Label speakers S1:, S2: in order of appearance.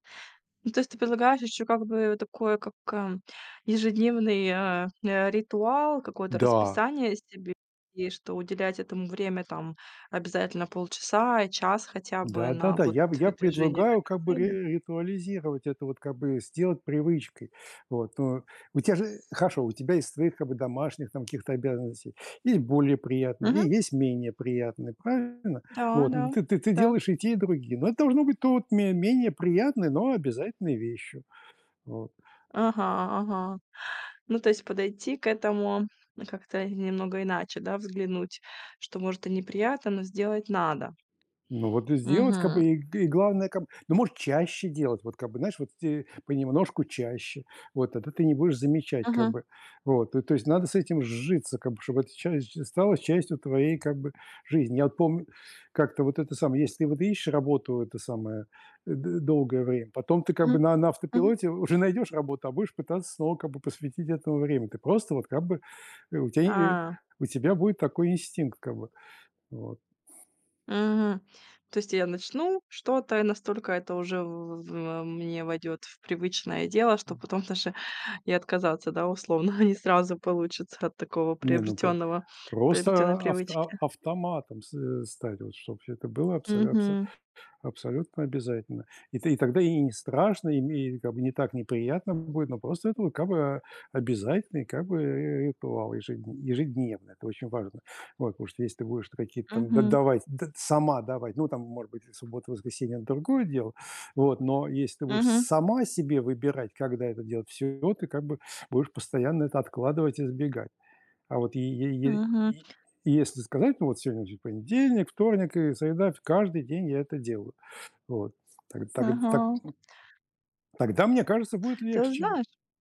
S1: Ну, то есть ты предлагаешь ещё, как бы, такое, как, э, ежедневный, э, э, ритуал, какое-то
S2: Да.
S1: расписание себе, и что уделять этому время, там, обязательно полчаса и час хотя бы
S2: Да, да,
S1: на,
S2: да.
S1: вот,
S2: Я б я
S1: движение к
S2: предлагаю,
S1: этой
S2: как бы, ри
S1: цели.
S2: ритуализировать это, вот, как бы, сделать привычкой. Вот. Ну, у тя же хорошо, у тебя есть свои, как бы, домашних, там, каких-то обязанностей. Есть более приятные
S1: Мгм.
S2: и есть менее приятные. Правильно?
S1: Да
S2: Вот, но
S1: да.
S2: ты ты ты
S1: Так.
S2: делаешь и те, и другие. Но это должно быть то у ме менее приятной, но обязательной вещью. Вот.
S1: Ага, ага. Ну, то есть подойти к этому как-то немного иначе, да, взглянуть, что, может, и неприятно, но сделать надо.
S2: Ну, вот и сделать, как бы,
S1: Мгм.
S2: и г главное, как бы, ну, может, чаще делать, вот, как бы, знаешь, вот те понемножку чаще. Вот, тогда ты не будешь замечать, как
S1: Мгм.
S2: бы, вот. То то есть надо с этим сжиться, как бы, чтобы это часть ж стало частью твоей, как бы, жизни. Я вот помню, как-то, вот это самое, если вот ищешь работу, это самое, д долгое время, потом ты, как бы,
S1: Мгм,
S2: на на
S1: мгм.
S2: автопилоте уже найдешь работу, а будешь пытаться снова, как бы, посвятить этому время. Ты просто, вот, как бы, э, у тя, е
S1: А.
S2: у тебя будет такой инстинкт, как бы, вот.
S1: Мгм. То есть я начну что-то, и настолько это уже в в во мне войдет в привычное дело, что
S2: М.
S1: потом даже и отказаться, да, условно, не сразу получится от такого
S2: Не, ну, по
S1: приобретенного приобретенной
S2: просто авто
S1: привычки.
S2: автоматом с э, стать, вот чтоб это было абсо абсо
S1: Мгм.
S2: абсолютно обязательно. И ты и тогда и не страшно, и ме как бы не так неприятно будет, но просто это как бы обязательный как бы ри ритуал ежедн ежедневно. Это очень важно. Вот. Потому что если ты будешь то какие-то там д
S1: Мгм.
S2: давать, д сама давать, ну, там, может быть, и в субботу, воскресенье- это другое дело, вот, но если ты будешь
S1: Мгм.
S2: сама себе выбирать, когда это делать- всё, и вот ты как бы будешь постоянно это откладывать и избегать. А вот е е е
S1: Мгм.
S2: е если сказать: "Ну, вот сегодня же понедельник, вторник и среда". Фь Каждый день я это делаю. Вот. Таг таг э, так,
S1: Ага.
S2: м. Тогда, мне кажется, будет
S1: Ты
S2: легче.
S1: знаешь